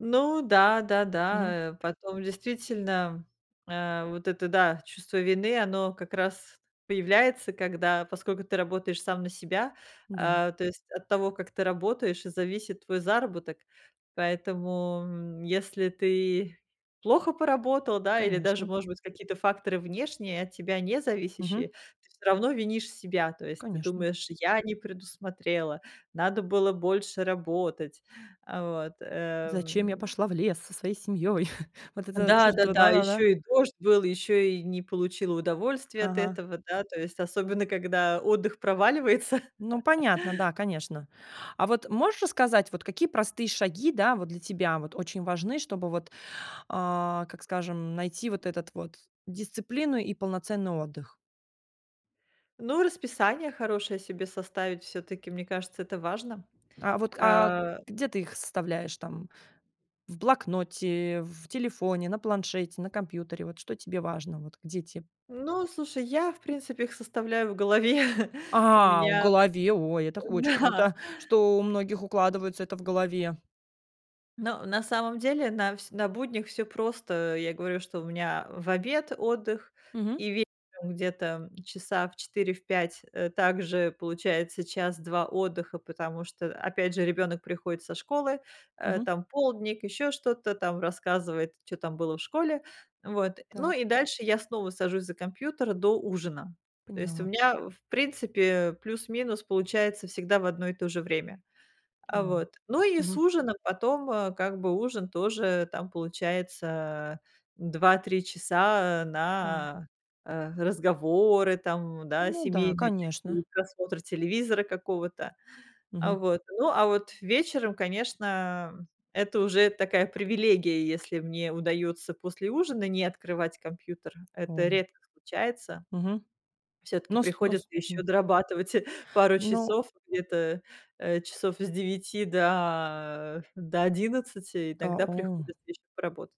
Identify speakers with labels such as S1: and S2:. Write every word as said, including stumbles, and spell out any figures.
S1: Ну да, да,
S2: Мгм.
S1: да. Э, потом, действительно, э, вот это, да, чувство вины, оно как раз появляется, когда, поскольку ты работаешь сам на себя,
S2: Да.
S1: э, то есть, от того, как ты работаешь, и зависит твой заработок. Поэтому, м, если ты плохо поработал, да, или даже,
S2: Конечно.
S1: может быть, какие-то факторы внешние, от тебя не
S2: Мгм.
S1: зависящие, ты всё равно винишь себя. То есть, ты
S2: Конечно.
S1: думаешь: "Я не предусмотрела, надо было больше работать". А вот
S2: Зачем я
S1: э
S2: пошла в лес со своей семьёй? Вот это чувство,
S1: Да-да-да, ещё
S2: да-да-да.
S1: и дождь был, ещё и не получила удовольствие от
S2: Ага.
S1: этого, да, то есть особенно когда отдых проваливается.
S2: Ну понятно, да, конечно. А вот можешь рассказать, вот какие простые шаги, да, вот для тебя вот очень важны, чтобы, вот, а, как скажем, найти вот этот вот дисциплину и полноценный отдых?
S1: Ну, расписание хорошее себе составить всё-таки, мне кажется, это важно,
S2: А, вот, а,
S1: э
S2: где ты их составляешь, там в блокноте, в телефоне, на планшете, на компьютере? Вот что тебе важно вот, где те
S1: Ну, слушай, я, в принципе, их составляю в голове. У
S2: А, в
S1: меня,
S2: голове. Ой, это очень
S1: да.
S2: круто, что у многих укладывается это в голове.
S1: Ну, на самом деле, на всь на буднях всё просто. Я говорю, что у меня в обед отдых,
S2: Мгм.
S1: и вечером где-то часа в четыре, в пять, э, также получается час-два отдыха, потому что, опять же, ребёнок приходит со школы, э,
S2: Мгм.
S1: там, полдник, ещё что-то там, рассказывает, чё там было в школе, вот. Ну,
S2: Так.
S1: и дальше я снова сажусь за компьютер, до ужина. То есть у
S2: Поняла.
S1: меня, в принципе, плюс-минус получается всегда в одно и то же время. А,
S2: О,
S1: вот, ну, и с
S2: мгм.
S1: ужина потом, э, как бы ужин тоже там получается два-три часа
S2: Да.
S1: на, э, э, разговоры, там, да,
S2: Ну да,
S1: семейные
S2: конечно.
S1: такие, просмотр телевизора какого-то. А,
S2: Мгм.
S1: вот, ну, а вот вечером, конечно, это уже такая привилегия, если мне удаётся после ужина не открывать компьютер. Это
S2: О!
S1: редко случается.
S2: Мгм.
S1: Всё-таки
S2: Нос
S1: приходится
S2: нос,
S1: ещё
S2: м
S1: дорабатывать пару
S2: Ну
S1: часов, где-то, э, часов с девяти до до одиннадцати.
S2: Та
S1: Иногда
S2: О
S1: приходится ещё поработать.